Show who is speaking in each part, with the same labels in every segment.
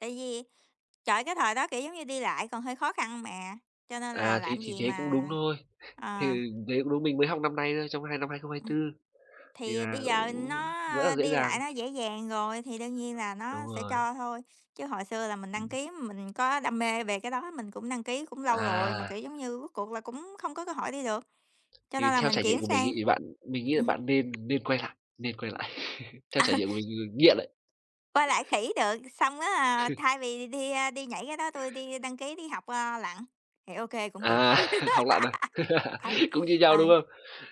Speaker 1: Tại vì, trời, cái thời đó, kiểu giống như, đi lại còn hơi khó khăn mà, cho nên là
Speaker 2: À, thế
Speaker 1: làm
Speaker 2: thì
Speaker 1: gì
Speaker 2: thế cũng đúng
Speaker 1: mà
Speaker 2: thôi,
Speaker 1: ờ.
Speaker 2: thì đấy cũng đúng. Mình mới học năm nay thôi, trong năm hai không hai
Speaker 1: Ừm.
Speaker 2: tư, thì
Speaker 1: Thì
Speaker 2: là
Speaker 1: bây giờ
Speaker 2: cũng rất là
Speaker 1: nó
Speaker 2: dễ
Speaker 1: đi
Speaker 2: dàng.
Speaker 1: lại nó dễ dàng rồi thì đương nhiên là
Speaker 2: Đúng
Speaker 1: nó sẽ
Speaker 2: rồi.
Speaker 1: cho thôi, chứ hồi xưa là mình đăng
Speaker 2: Ừm.
Speaker 1: ký, mình có đam mê về cái đó, mình cũng đăng ký cũng lâu rồi mà,
Speaker 2: À.
Speaker 1: kiểu giống như, rốt cuộc là cũng không có cơ hội đi được. Cho
Speaker 2: Thì
Speaker 1: nên là
Speaker 2: theo
Speaker 1: mình
Speaker 2: trải nghiệm
Speaker 1: chuyển
Speaker 2: của mình ấy,
Speaker 1: sang
Speaker 2: thì bạn mình nghĩ là
Speaker 1: ừm.
Speaker 2: bạn nên nên quay lại, nên quay lại, theo trải
Speaker 1: Ừ.
Speaker 2: nghiệm của người nghiện ấy.
Speaker 1: Quay lại khỉ được. Xong á thay vì đi, a, đi nhảy cái đó, tui đi đăng ký đi học, ờ, lặn, thì OK, cũng được.
Speaker 2: À, học lặn à?
Speaker 1: Ừ,
Speaker 2: Cũng như nhau, đúng
Speaker 1: rồi.
Speaker 2: không?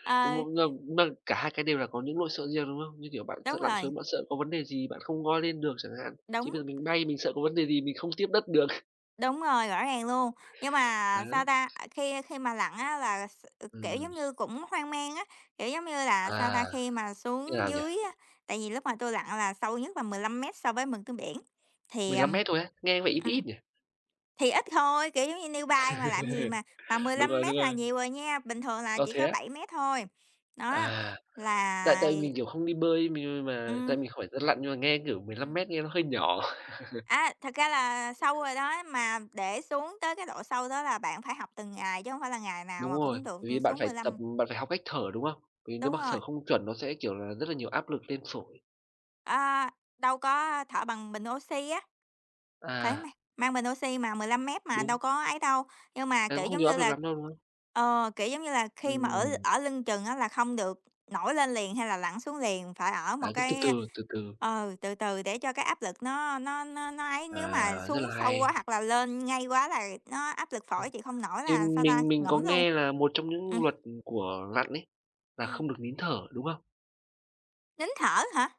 Speaker 1: Ờ.
Speaker 2: M mà mà cả hai cái đều là có những lỗi sợ riêng, đúng không? Như kiểu bạn sợ
Speaker 1: Đúng
Speaker 2: lặn
Speaker 1: rồi.
Speaker 2: xuống, bạn sợ có vấn đề gì, bạn không ngoi lên được chẳng hạn. Chứ
Speaker 1: Đúng.
Speaker 2: bây giờ mình bay, mình sợ có vấn đề gì mình không tiếp đất được.
Speaker 1: Đúng rồi, rõ ràng luôn. Nhưng mà, sao
Speaker 2: Đấy.
Speaker 1: ta, à, khi khi mà lặn á, là s ờ, kiểu
Speaker 2: Ừm.
Speaker 1: giống như cũng hoang mang á, kiểu, giống như là, sao ta,
Speaker 2: À,
Speaker 1: khi mà
Speaker 2: thế
Speaker 1: xuống
Speaker 2: nào nhỉ?
Speaker 1: dưới á, tại vì lúc mà tôi lặn là sâu nhất là 15 mét so với mực nước biển, thì,
Speaker 2: 15
Speaker 1: ờm
Speaker 2: mét thôi á? Nghe có vẻ ít
Speaker 1: ừm,
Speaker 2: ít nhỉ?
Speaker 1: thì ít thôi, kiểu giống như, newbie mà làm gì mà mà mười
Speaker 2: Đúng
Speaker 1: lăm
Speaker 2: rồi, đúng
Speaker 1: mét là
Speaker 2: rồi.
Speaker 1: nhiều rồi nha, bình thường là
Speaker 2: Ờ,
Speaker 1: chỉ
Speaker 2: thế
Speaker 1: có
Speaker 2: á?
Speaker 1: 7 mét thôi. Đó,
Speaker 2: À, tại
Speaker 1: là
Speaker 2: tại vì mình, kiểu, không đi bơi, m như mà
Speaker 1: Ừm.
Speaker 2: tại mình không phải dân lặn, nhưng mà nghe kiểu 15
Speaker 1: Ừm.
Speaker 2: mét nghe nó hơi nhỏ.
Speaker 1: À, thật ra là sâu rồi đó, mà để xuống tới cái độ sâu đó là bạn phải học từng ngày chứ hổng phải là ngày nào
Speaker 2: Đúng
Speaker 1: mà
Speaker 2: rồi.
Speaker 1: cũng được
Speaker 2: Bởi vì bạn
Speaker 1: xuống
Speaker 2: phải
Speaker 1: mười
Speaker 2: tập
Speaker 1: lăm.
Speaker 2: bạn phải học cách thở, đúng không? Vì nếu
Speaker 1: Đúng
Speaker 2: mà
Speaker 1: rồi.
Speaker 2: thở không chuẩn nó sẽ, kiểu là, rất là nhiều áp lực lên phổi.
Speaker 1: Ờ, đâu có, thở bằng bình oxy á. Phải
Speaker 2: À.
Speaker 1: mang mang bình oxy mà, 15 mét mà đâu
Speaker 2: Đúng.
Speaker 1: có ấy đâu. Nhưng mà,
Speaker 2: Thế
Speaker 1: kiểu,
Speaker 2: cũng không
Speaker 1: giống
Speaker 2: nhiều áp
Speaker 1: như
Speaker 2: lực
Speaker 1: là,
Speaker 2: lắm đâu, đúng không?
Speaker 1: ờ, kiểu, giống như là, khi mà ở
Speaker 2: Ừm.
Speaker 1: ở lưng chừng á là không được nổi lên liền hay là lặn xuống liền, phải ở một
Speaker 2: Đấy, cứ từ
Speaker 1: cái
Speaker 2: từ, từ từ.
Speaker 1: ờ, từ từ để cho cái áp lực nó nó nó nó ấy.
Speaker 2: À,
Speaker 1: Nếu mà
Speaker 2: rất
Speaker 1: xuống
Speaker 2: là
Speaker 1: sâu quá
Speaker 2: hay.
Speaker 1: hoặc là lên ngay quá là nó áp lực phổi
Speaker 2: Ôi,
Speaker 1: chịu không nổi
Speaker 2: thì
Speaker 1: là, sao ta,
Speaker 2: mình mình có
Speaker 1: ngủm luôn.
Speaker 2: nghe là một trong những
Speaker 1: Ừm.
Speaker 2: luật của lặn ấy là
Speaker 1: Ừm.
Speaker 2: không được nín thở, đúng không?
Speaker 1: Nín thở hả?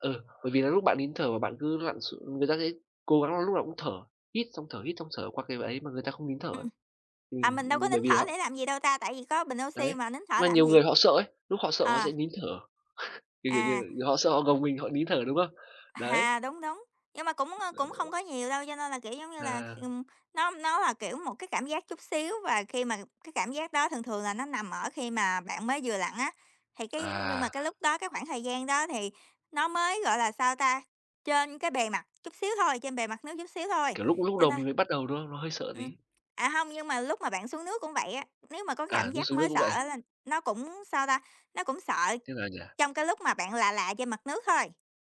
Speaker 2: Ừ, bởi vì là lúc bạn nín thở mà bạn cứ lặn x người ta sẽ cố gắng là lúc nào cũng thở, hít xong thở, hít xong thở qua cái ấy mà người ta không nín thở ấy.
Speaker 1: Ừm.
Speaker 2: Ừm,
Speaker 1: À, mình đâu có
Speaker 2: b bởi
Speaker 1: nín
Speaker 2: vì là
Speaker 1: thở
Speaker 2: họ
Speaker 1: để làm cái gì đâu ta, tại vì có bình oxi
Speaker 2: Đấy,
Speaker 1: mà nín thở
Speaker 2: mà
Speaker 1: làm
Speaker 2: nhiều
Speaker 1: gì?
Speaker 2: người họ sợ ấy, lúc họ sợ họ
Speaker 1: À.
Speaker 2: sẽ nín thở. Kiểu, kiểu, kiểu
Speaker 1: À.
Speaker 2: như họ sợ họ gồng mình, họ nín thở, đúng không? Đấy.
Speaker 1: À, đúng, đúng. Nhưng mà cũng, ơ, cũng không
Speaker 2: Đấy.
Speaker 1: có nhiều đâu, cho nên là, kiểu, giống như là, kh
Speaker 2: À.
Speaker 1: ừm, nó nó là, kiểu, một cái cảm giác chút xíu, và khi mà cái cảm giác đó thường thường là nó nằm ở khi mà bạn mới vừa lặn á, thì cái nhưng mà
Speaker 2: À.
Speaker 1: cái lúc đó, cái khoảng thời gian đó thì nó mới, gọi là, sao ta, trên cái bề mặt chút xíu thôi trên bề mặt nước chút xíu thôi.
Speaker 2: Kiểu lúc lúc
Speaker 1: Cho
Speaker 2: đầu
Speaker 1: nên
Speaker 2: mình mới bắt đầu, đúng không? Nó hơi sợ
Speaker 1: Ừm,
Speaker 2: tí.
Speaker 1: à, hông, nhưng mà lúc mà bạn xuống nước cũng vậy á, nếu mà có cái
Speaker 2: À,
Speaker 1: cảm
Speaker 2: lúc
Speaker 1: giác
Speaker 2: xuống nước
Speaker 1: mới
Speaker 2: cũng
Speaker 1: sợ
Speaker 2: vậy à?
Speaker 1: á là nó cũng, sao ta, nó cũng sợ
Speaker 2: Thế nào nhỉ?
Speaker 1: trong cái lúc mà bạn là là trên mặt nước thôi.